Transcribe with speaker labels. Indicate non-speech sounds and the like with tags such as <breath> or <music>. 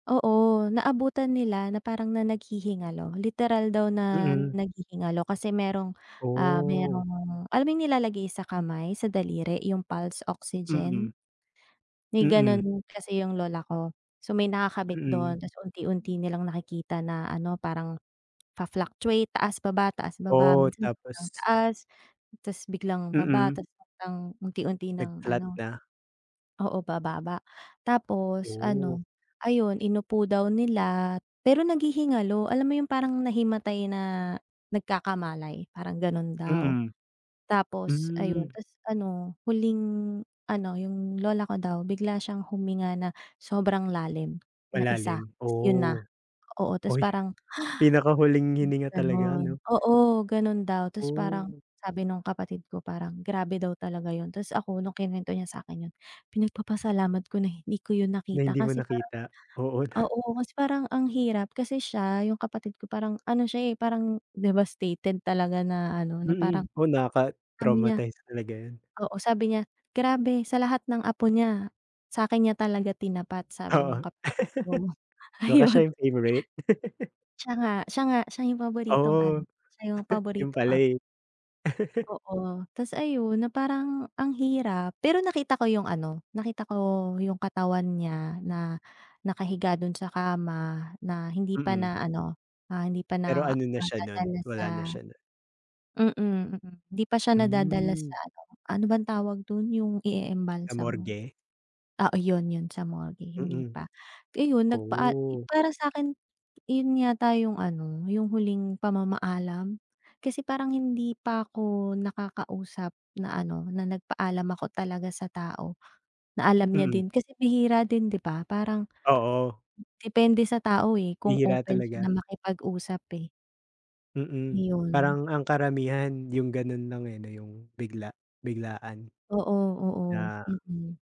Speaker 1: Oo, naabutan nila na parang na naghihingalo. Literal daw na
Speaker 2: Mm.
Speaker 1: naghihingalo kasi merong, ah,
Speaker 2: Oh.
Speaker 1: merong alam mo yung nilalagay sa kamay, sa daliri, yung pulse
Speaker 2: Mm.
Speaker 1: oxygen? May
Speaker 2: Mm.
Speaker 1: gano'n kasi yung lola ko. So, may nakakabit
Speaker 2: Mm.
Speaker 1: do'n, tapos unti-unti nilang nakikita na ano parang, fa-fluctuate taas, baba, taas, baba.
Speaker 2: Oh,
Speaker 1: Minsan sobrang
Speaker 2: tapos.
Speaker 1: taas, tapos biglang baba,
Speaker 2: Mm.
Speaker 1: tapos biglang unti-unti nang
Speaker 2: Nag-flat
Speaker 1: ano
Speaker 2: na?
Speaker 1: oo, bababa. Tapos
Speaker 2: Oh.
Speaker 1: ano, ayon inupo daw nila, pero naghihingalo. Alam mo yung parang nahimatay na nagkakamalay, parang gano'n daw.
Speaker 2: Mm.
Speaker 1: Tapos ayon,
Speaker 2: Hmm.
Speaker 1: tapos ano, huling ano yung lola ko daw bigla siyang huminga na sobrang lalim na isa,
Speaker 2: Malalim,
Speaker 1: tapos yun na.
Speaker 2: oh.
Speaker 1: Oo, tapos
Speaker 2: Ay!
Speaker 1: parang,
Speaker 2: Pinakahuling
Speaker 1: <breath> isang
Speaker 2: hininga talaga,
Speaker 1: gano'n.
Speaker 2: 'no?
Speaker 1: Oo, gano'n daw. Tapos parang
Speaker 2: Oh.
Speaker 1: sabi nung kapatid ko, parang grabe daw talaga 'yon. Tapos ako nung kinuwento niya sa akin yun, pinagpapasalamat ko na hindi ko 'yon
Speaker 2: Na
Speaker 1: nakita,
Speaker 2: hindi mo
Speaker 1: kasi parang
Speaker 2: nakita? Oo, ta
Speaker 1: oo, kasi parang ang hirap. Kasi siya, yung kapatid ko parang ano siya, eh, parang devastated talaga na ano, na parang,
Speaker 2: Mm. Oo,
Speaker 1: sabi niya
Speaker 2: nakaka-traumatize talaga 'yan.
Speaker 1: oo, sabi niya, "Grabe, sa lahat ng apo niya, sa'kin niya talaga tinapat." sabi nung
Speaker 2: Oo.
Speaker 1: kapatid ko,
Speaker 2: <laughs> Baka
Speaker 1: ayon.
Speaker 2: siya yung favorite. <laughs>
Speaker 1: Siya nga, siya nga, siya yung paboritong ano,
Speaker 2: Oh.
Speaker 1: siya yung
Speaker 2: <chuckles> 'Yun
Speaker 1: paboritong
Speaker 2: pala,
Speaker 1: apo.
Speaker 2: eh. <laughs>
Speaker 1: Oo, tapos ayon na parang ang hirap. Pero nakita ko yung ano, nakita ko yung katawan niya na nakahiga do'n sa kama, na hindi pa
Speaker 2: Mm.
Speaker 1: na ano, ah, hindi pa
Speaker 2: Pero
Speaker 1: na,
Speaker 2: ano na siya no'n,
Speaker 1: nadadala sa
Speaker 2: wala na siya no'n?
Speaker 1: mm, mm, hindi pa siya nadadala
Speaker 2: Hmm.
Speaker 1: sa ano, ano bang tawag dun, yung
Speaker 2: Sa
Speaker 1: ieembalsamo?
Speaker 2: morgue?
Speaker 1: Oo, 'yon, 'yon, sa morgue, hindi
Speaker 2: Mm.
Speaker 1: pa. Iyon nagpaa yun
Speaker 2: Oh.
Speaker 1: para sa akin, iyon yata yung ano, yung huling pamamaalam. Kasi parang hindi pa ko nakakausap na ano, na nagpaalam ako talaga sa tao, na alam niya
Speaker 2: Mm.
Speaker 1: din. Kasi bihira din, 'di ba, parang
Speaker 2: Oo.
Speaker 1: depende sa tao, eh, kung
Speaker 2: Bihira
Speaker 1: open siya na
Speaker 2: talaga.
Speaker 1: makipag-usap, eh.
Speaker 2: Mm,
Speaker 1: 'Yon.
Speaker 2: parang ang karamihan 'yong gano'n lang, eh, 'no, 'yong bigla biglaan,
Speaker 1: Oo, oo,
Speaker 2: na
Speaker 1: mm.